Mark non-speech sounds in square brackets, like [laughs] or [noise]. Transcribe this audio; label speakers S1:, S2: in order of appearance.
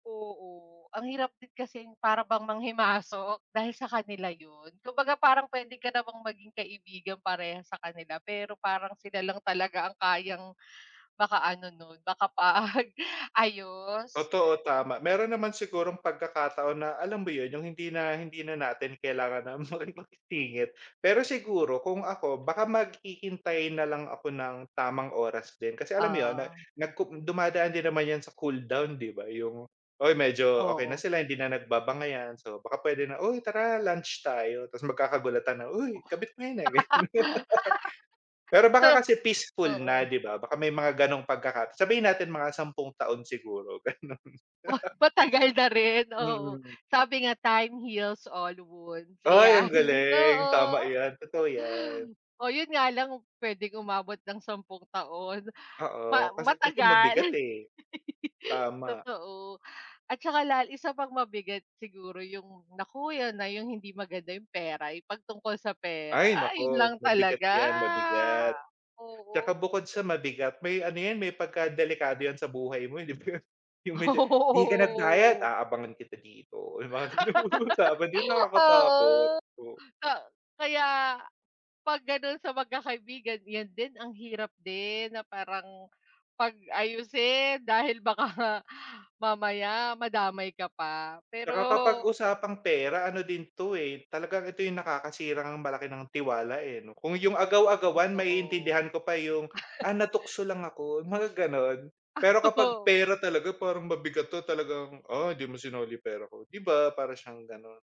S1: Oo, ang hirap din kasing para bang manghimasok, dahil sa kanila 'yun. Kumbaga parang puwede ka namang maging kaibigan parehas sa kanila pero parang sila lang talaga ang kayang makaano nun, makapag-ayos.
S2: Totoo tama. Meron naman sigurong pagkakataon na, alam mo 'yun 'yung hindi na hindi na natin kailangan na makipagsingit. Pero siguro kung ako baka maghihintay na lang ako ng tamang oras din, kasi alam mo 'yun na
S1: Oo.
S2: nagku dumadaan din naman 'yan sa cool down, 'di ba, 'yung ay medyo okey na
S1: Oo.
S2: sila, hindi na nagbabangayan, so baka puwede na, "Uy tara lunch tayo." Tas magkakagulatan na, "Uy, kabit mo 'yun ah," ganun.
S1: [laughs]
S2: Pero baka kasi
S1: So,
S2: peaceful na
S1: oo.
S2: 'di ba, baka may mga gano'ng pagkaka sabihin natin mga 10 taon siguro ganun.
S1: Ah!
S2: [laughs]
S1: Matagal na rin, oo.
S2: Mm.
S1: Sabi nga, time heals all wounds
S2: Ay ang
S1: iyan,
S2: galing, tama
S1: oo.
S2: 'yan, totoo 'yan.
S1: Oh 'yun nga lang kung puwedeng umabot ng sampung taon, ma
S2: Oo, kasi kasi mabigat
S1: matagal
S2: eh,
S1: [laughs]
S2: tama.
S1: totoo. At saka lal isa pang mabigat siguro yung naku 'yan na 'yung hindi maganda 'yung pera, 'yung 'pag tungkol sa pera,
S2: Ay
S1: ay 'yun lang
S2: naku mabigat
S1: talaga,
S2: 'yan mabigat. Tsaka
S1: oo.
S2: bukod sa mabigat may ano 'yan may pagkadelikado 'yan sa buhay mo eh 'di ba, 'yung may
S1: Oo,
S2: de "Di ka nagbayad,
S1: oo.
S2: aabangan kita dito" 'yung mga ganung usapa 'di ba
S1: [laughs]
S2: nakakatakot.
S1: Oo. A kaya 'pag ganun sa magkakaibigan 'yan din ang hirap din na parang pag-ayusin, dahil baka nga mamaya madamay ka pa pero
S2: 'Tsaka kapag usapang pera ano din 'to eh, talagang ito 'yung nakakasirang malaki ng tiwala eh 'no. Kung 'yung agaw-agawan
S1: Totoo.
S2: maiintindihan ko pa 'yung, "Ah,
S1: [laughs]
S2: natukso lang ako." Mga gano'n, pero kapag
S1: [laughs]
S2: pera talaga parang mabigat 'to talagang, "Ah, hindi mo sinoli pera ko." 'Di ba para siyang gano'n.